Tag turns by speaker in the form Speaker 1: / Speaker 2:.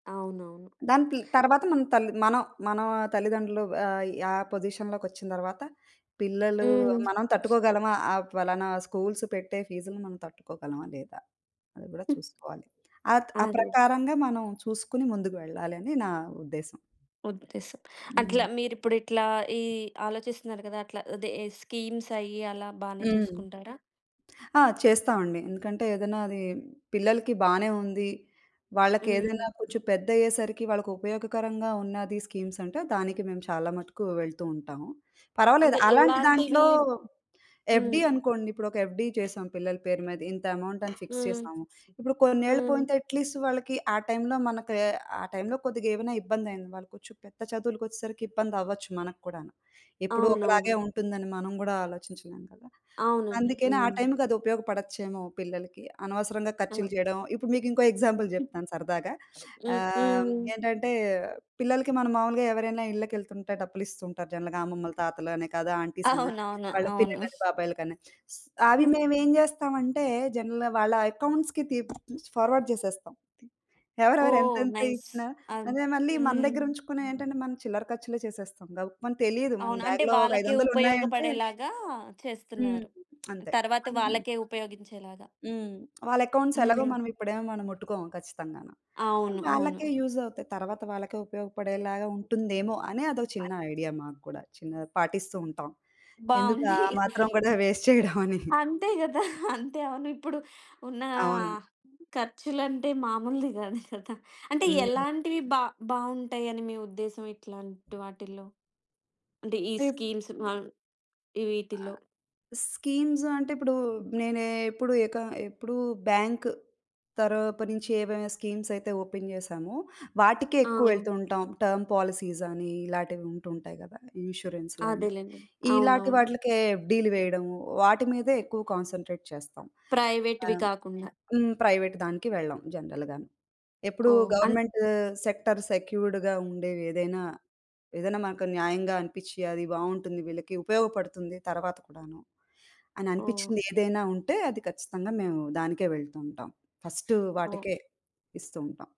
Speaker 1: అవునవును.
Speaker 2: దాని ప్లి తర్వాత మనం తల్లి మనం మన తల్లిదండ్రులు ఆహ్, యా పొజిషన్‌లోకొచ్చిన తర్వాత పిల్లలు
Speaker 1: హ్మ్.
Speaker 2: మనం తట్టుకోగలమా ఆ ఫలానా స్కూల్స్ పెట్టే ఫీజ్‌లని మనం తట్టుకోగలమా లేదా, అది కూడా
Speaker 1: హ్మ్.
Speaker 2: చూసుకోవాలి. ఆత్ ఆ
Speaker 1: అదే.
Speaker 2: ప్రకారంగా మనం చూసుకొని ముందుకు వెళ్ళాలి అని నా ఉద్దేశం.
Speaker 1: ఉద్దేశం.
Speaker 2: హ్మ్.
Speaker 1: అట్లా, మీరిప్పుడిట్లా ఈ ఆలోచిస్తున్నారు కదా! అట్లా అదే స్కీమ్‌సయ్యి అలా బానే
Speaker 2: హ్మ్.
Speaker 1: చూసుకుంటారా?
Speaker 2: ఆ! చేస్తామండి. ఎందుకంటే, ఏదైనా అది పిల్లలకి బానే ఉంది.
Speaker 1: హ్మ్.
Speaker 2: వాళ్ళకేదైనా కొంచెం పెద్దయ్యేసరికి వాళ్ళకుపయోగకరంగా ఉన్నది స్కీమ్స్ అంటే, దానికి మేము చాలా మటుకు వెళ్తూ ఉంటాము. పర్వాలేదు
Speaker 1: అంటే
Speaker 2: అలాంటి
Speaker 1: ఎలాంటివి?
Speaker 2: దాంట్లో
Speaker 1: హ్మ్.
Speaker 2: ఎఫ్‌డి అనుకోండి, ఇప్పుడు ఒక ఎఫ్‌డి చేసాం పిల్లల పేరు మీద ఇంత అమౌంట‌ని ఫిక్స్
Speaker 1: హ్మ్.
Speaker 2: చేసాము. ఇప్పుడు కొన్నేళ్లు
Speaker 1: హ్మ్.
Speaker 2: పోయింటే అట్ లీస్ట్ వాళ్ళకి ఆ టైమ్‌లో మనకు, ఆ టైమ్‌లో కొద్దిగేవైనా ఇబ్బందయింది వాళ్ళు కొంచెం పెద్ద చదువులకొచ్చెసరికి ఇబ్బంది అవ్వొచ్చు మనకూడాను. ఎప్పుడు
Speaker 1: అవునవును.
Speaker 2: ఒకలాగే ఉంటుందని మనం గుడా ఆలోచించలేం కదా!
Speaker 1: అవునండి.
Speaker 2: అందుకనే ఆ
Speaker 1: హ్మ్.
Speaker 2: టైమ్‌కది ఉపయోగపడొచ్చేమో, పిల్లలకి. అనవసరంగా ఖర్చులు
Speaker 1: ఆ!
Speaker 2: చేయడం, ఇప్పుడు మీకు ఇంకో ఎగ్జాంపుల్
Speaker 1: హ్మ్.
Speaker 2: జెప్తాను సరదాగా.
Speaker 1: హ్మ్.
Speaker 2: ఆహ్,
Speaker 1: హ్మ్.
Speaker 2: ఏంటంటే, పిల్లలకి మనం మామూలుగా ఎవరైనా ఇళ్ళకెళ్తుంటే డబ్బులిస్తుంటారు జనరల్‌గా అమ్మమ్మలు, తాతలనే కదు, ఆంటీస్ అని
Speaker 1: అవునవును.
Speaker 2: వాళ్ళ
Speaker 1: అవును.
Speaker 2: పిన్నిలని, బాబాయిలకని. అవి మేమేం చేస్తామంటే, జనరల్‌గా వాళ్ళ అకౌంట్స్‌కి తి ఫార్వర్డ్ జేసేస్తాం. ఎవరెవరు
Speaker 1: ఓహ్!
Speaker 2: ఎంతెంత
Speaker 1: నైస్
Speaker 2: ఇచ్చినా
Speaker 1: అన్
Speaker 2: అదే మళ్ళీ మన
Speaker 1: హ్మ్.
Speaker 2: దగ్గర ఉంచుకునే ఏంటంటే, మనం చిల్లర ఖర్చులే చేసేస్తాం. గబుకమని తెలీదు మన
Speaker 1: అవును. అంటే
Speaker 2: బ్యాగ్‌లో ఒక ఐదు
Speaker 1: వాళ్ళకే
Speaker 2: వందలు ఉన్నాయంటే
Speaker 1: ఉపయోగపడేలాగా
Speaker 2: హ్మ్
Speaker 1: చేస్తున్నారు.
Speaker 2: అంతే.
Speaker 1: తర్వాత
Speaker 2: అదియు
Speaker 1: వాళ్ళకే ఉపయోగించేలాగా.
Speaker 2: హ్మ్. వాళ్ళ అకౌంట్స్ ఎలాగో
Speaker 1: హ్మ్.
Speaker 2: మనం ఇప్పుడేం మనం ముట్టుకోము ఖచ్చితంగాను.
Speaker 1: అవును.
Speaker 2: అవి వాళ్ళకే
Speaker 1: అవును.
Speaker 2: యూజ్ అవుతాయి. తర్వాత వాళ్ళకే ఉపయోగపడేలాగా ఉంటుందేమో అనే అదో చిన్న ఐడియా
Speaker 1: [unintelligible]
Speaker 2: మాకు కూడా, చిన్న పాటిస్తూ ఉంటాం. ఎందుకు ఆ
Speaker 1: బావుంది.
Speaker 2: మాత్రం కూడా వేస్ట్ చేయడమని.
Speaker 1: అంతే కదా! అంతే అవును ఇప్పుడు ఉన్న
Speaker 2: అవును.
Speaker 1: ఆహ్, ఖర్చులంటే మామూలుది కాదు కదా! అంటే
Speaker 2: హ్మ్.
Speaker 1: ఎలాంటివి బా బావుంటాయ‌ని మీ ఉద్దేశం ఇట్లాంటి వాటిల్లో? అంటే ఈ
Speaker 2: తీప్
Speaker 1: స్కీమ్స్ బాన్
Speaker 2: ఆ!
Speaker 1: వీటిలో.
Speaker 2: స్కీమ్స్ అంటే, ఇప్పుడు నేనేప్పుడు ఎక ఎప్పుడు బ్యాంక్ తరపు నుంచి ఏవైనా స్కీమ్స్ అయితే ఓపెన్ చేశామో, వాటికే
Speaker 1: ఆ!
Speaker 2: ఎక్కువెళ్తూంటాం. టర్మ్ పాలిసీస్ అని ఇలాటివి ఉంటుంటాయి కదా! ఇన్స్యూరెన్స్‌లని
Speaker 1: అదేలెండి.
Speaker 2: ఇలాటి
Speaker 1: అవునవును.
Speaker 2: వాట్లికే ఎఫ్‌డిలు వేయడం. వాటి మీదే ఎక్కువ కాన్స‌న్‌ట్రేట్ చేస్తాం. ఆహ్,
Speaker 1: ప్రైవేట్‌వి
Speaker 2: హ్మ్.
Speaker 1: కాకుండా.
Speaker 2: హ్మ్, ప్రైవేట్ దానికి వెళ్ళాం జనరల్‌గాను. ఎప్పుడు
Speaker 1: ఓహ్! అన్
Speaker 2: గవర్నమెంట్ సెక్టార్ సెక్యూర్డ్‌గా ఉండేవేదైనా, ఏదైనా మనకు న్యాయంగా అనిపిచ్చి అది బావుంటుంది వీళ్ళకి, ఉపయోగపడుతుంది తర్వాత కూడాను, అని
Speaker 1: ఓహ్!
Speaker 2: అనిపిచ్చిందేదైనా ఉంటే, అది ఖచ్చితంగా మేము దానికే వెళ్తూంటాం. ఫస్ట్
Speaker 1: ఓహ్!
Speaker 2: వాటికే ఇస్తూ ఉంటాం.